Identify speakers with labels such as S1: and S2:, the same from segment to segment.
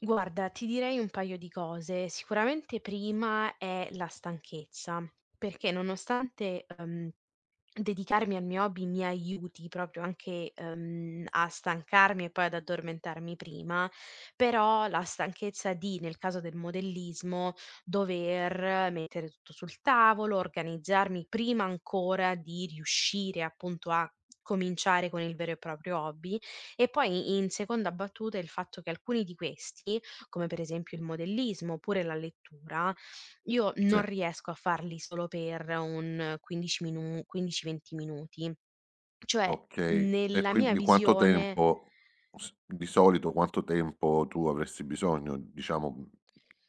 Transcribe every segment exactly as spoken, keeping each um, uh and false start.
S1: Guarda, ti direi un paio di cose. Sicuramente, prima è la stanchezza, perché nonostante, ehm, dedicarmi al mio hobby mi aiuti proprio anche, ehm, a stancarmi e poi ad addormentarmi prima, però la stanchezza di, nel caso del modellismo, dover mettere tutto sul tavolo, organizzarmi prima ancora di riuscire appunto a cominciare con il vero e proprio hobby. E poi, i in seconda battuta, il fatto che alcuni di questi, come per esempio il modellismo, oppure la lettura, io non
S2: Sì.
S1: riesco a farli solo per un quindici minu quindici venti minuti. Cioè,
S2: Okay e
S1: nella mia
S2: quindi quanto
S1: visione
S2: tempo, s di solito quanto tempo tu avresti bisogno diciamo, mhmm,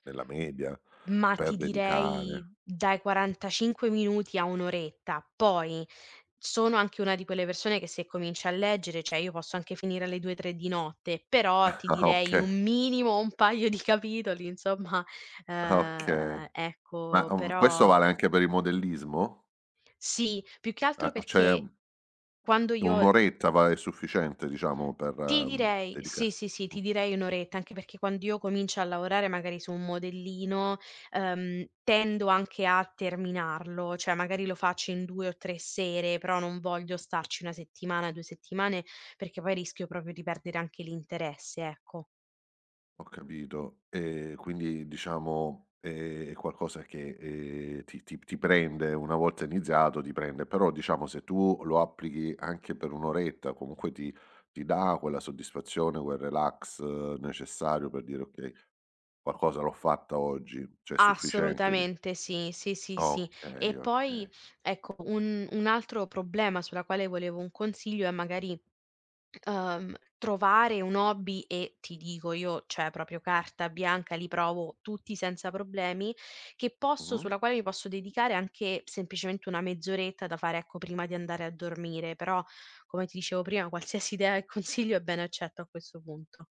S2: nella media
S1: Ma
S2: per
S1: ti direi
S2: dedicare
S1: dai quarantacinque minuti a un oretta, poi sono anche una di quelle persone che se comincia a leggere ceh io posso anche finire alle due tre di notte, però ti
S2: Ah,
S1: direi un
S2: okay.
S1: minimo, un paio di capitoli insomma,
S2: Ah, okay.
S1: ehm,
S2: Ma,
S1: ecco,
S2: uhm, questo
S1: però
S2: vale anche per il modellismo?
S1: Sì, più che
S2: Eh
S1: altro
S2: ma c'è un
S1: perché quando
S2: un
S1: io l
S2: oretta va, è sufficiente diciamo per,
S1: Ti
S2: ehm,
S1: direi sì,
S2: dedicarsi
S1: sì, sì, ti direi un oretta, anche perché quando io comincio a lavorare magari su un modellino, ehm, tendo anche a terminarlo, ceh magari lo facci in due o tre sere, però non voglio starci una settimana, due settimane, perché poi rischio proprio di perdere anche l'interesse, ecco.
S2: Ho capito, ehm, quindi diciamo è qualcosa che, ehm, ti ti p ti prende, una volta iniziato ti prende. Però diciamo, se tu lo applichi anche per un oretta comunque ti ti dà quella soddisfazione, quel relax necessario per dire: "Okay, qualcosa l'ho fatta oggi", ceh è sufficiente dic
S1: Assolutamente sì, sì, sì, sì. E
S2: Okay,
S1: poi,
S2: okay.
S1: ecco, un un altro problema sulla quale volevo un consiglio è magari, ehm, trovare un hobby e ti dico io, ceh propio carta bianca, li provo tutti senza problemi, che posso
S2: Mh-mh.
S1: sulla quale io posso dedicare anche semplicemente una mezz'oretta da fare, ecco, prima di andare a dormire, però, come ti dicevo prima, qualsiasi idea e consiglio è bene accetto a questo punto.